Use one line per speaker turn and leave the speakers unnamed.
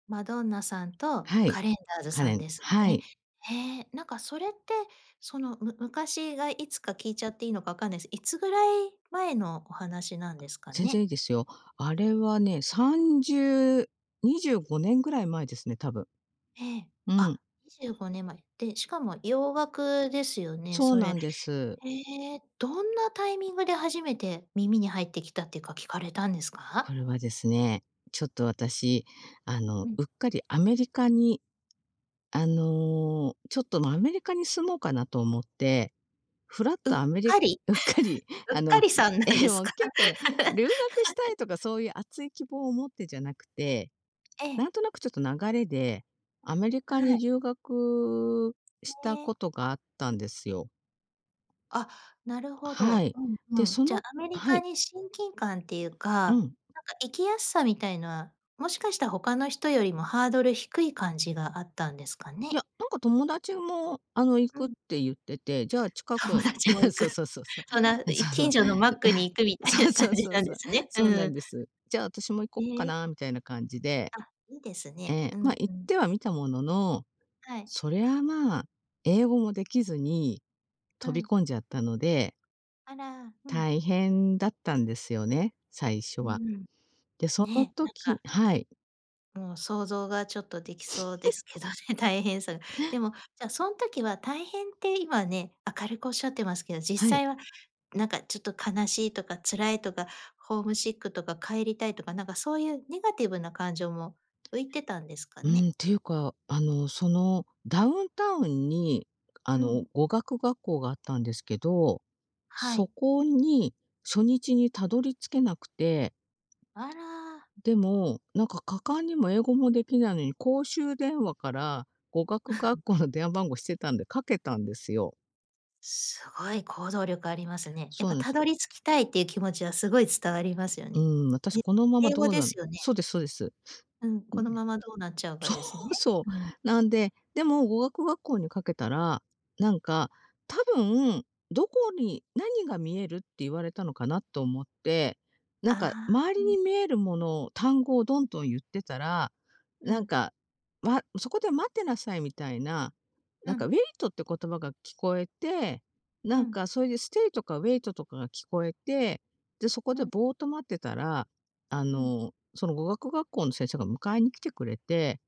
マドンナさんと
はい。
カレンダーズ
カ
さ
レ
ん
ン、
です
は
ね。
い。
へえ、なんかそれって、その、む昔がいつか聞いちゃっていいのかわかんないす。いつぐらい前のお話なんですか
全然
ね？
いいですよ。あれはね、30 25年ぐらい前ですね、たぶん。
ええ、
うん。
あ、25年前、で、しかも洋楽ですよね、
そう
そ
な
れ。
んです。
へえ、どんなタイミングで初めて耳に入ってきたっていうか、聞かれたんです
こ
か？
れはですね、ちょっと私、あの、
うん。
うっかりアメリカに、あの、ちょっと、ま、アメリカに住もうかなと思って、ふらっ
う
と
っ
アメリ
かり？
うっかり、
うっ
あ
か
の、
りさんなん
え、
です
もう
か？
結構ね、留学したいとかそうゆう熱い希望を持ってじゃなくて、
え
な
え。
んとなくちょっと流れで、アメリカ
は
に
い。
留学
へ
した
え。
ことがあったんですよ。
あ、なるほ
は
ど。
い。
うん、ふ
で、
ん。
そ
じゃ、
の
アメリ
は
カ
い。
に親近感ってゆうか、
うん。
なんか生きやすさみたいな、もしかした、他の人よりもハードル低い感じがあったんですか
いや、
ね？
なんか友達も、あの、行
う
くっ
ん。
てゆってて、じゃあ近
友
く
達も 行
そ
く。
うそうそうそう。
そんな、
そ
い
うそう。
近所のマックに 行くみたい
そ
な
う
感
そう
じ
そう
なん
そ
で
う、
すね。
そう
う
なん
ん。
です。じゃあ私も行こ
へ
っか
え。
なあみたいな感じで。
あ、いいです
え
ね。う
え、ま、
ん、
行
ふ
っ
ん。
てはみたものの、
はい。
そりゃ、まあ、英語もできずに
う
飛び
ん。
込んじゃったので
あら、うん。
大変だったんですよね、最初
う
は。
ん。
で、その
ねえ、なん
時
か
はい。
もう想像がちょっとできそうで すけど ね、大変さが。でも、じゃ、そん時は大変て、今ね、明るくおっしゃってますけど、実
はい。
際はなんかちょっと悲しいとか辛いとか、ホームシックとか帰りたいとか、なんかそうゆうネガティブな感情も浮いてたんですか
う
ね？
ん、ていうか、あの、その、ダウンタウンに、あ
う
の、
ん。
語学学校があったんですけど、
は
そ
い。
こに初日にたどり着けなくて
あら。
うん、でも、なんか果敢にも、英語もできないのに、公衆電話から語学学 校の電話番号知ってたんで、掛けたんですよ。
すごい行動力ありますね。やっ
そ
ぱ、
うね、
た
す。
どり着きたいっていう気持ちはすごい伝わりますよ
う
ね。
ん、私このま
え、
ま
英
ど
語
う
で
なん
すよね。
そうですそうです。
う ん、
うん、
このままどうなっちゃうか
そ
ですね。
うそ
うん。
う、なんで、でも語学学校にかけたら、なんか、多分どこに何が見えるって言われたのかなと思って、な
あ
んか
あ、
周
う
り
ん。
に見えるもの、単語をどんどんゆってたら、
う
なん
ん。
か、まそこで待ってなさいみたいな、
う
なんか、ウ
ん。
ェイトって言葉が聞こえて、
う
なん
ん。
かそれで、ステイとかウェイトとかが聞こえて、で、そこ
う
で
ん。
ボーっと待ってたら、あ
うん。
の、その語学学校の先生が迎えに来てくれて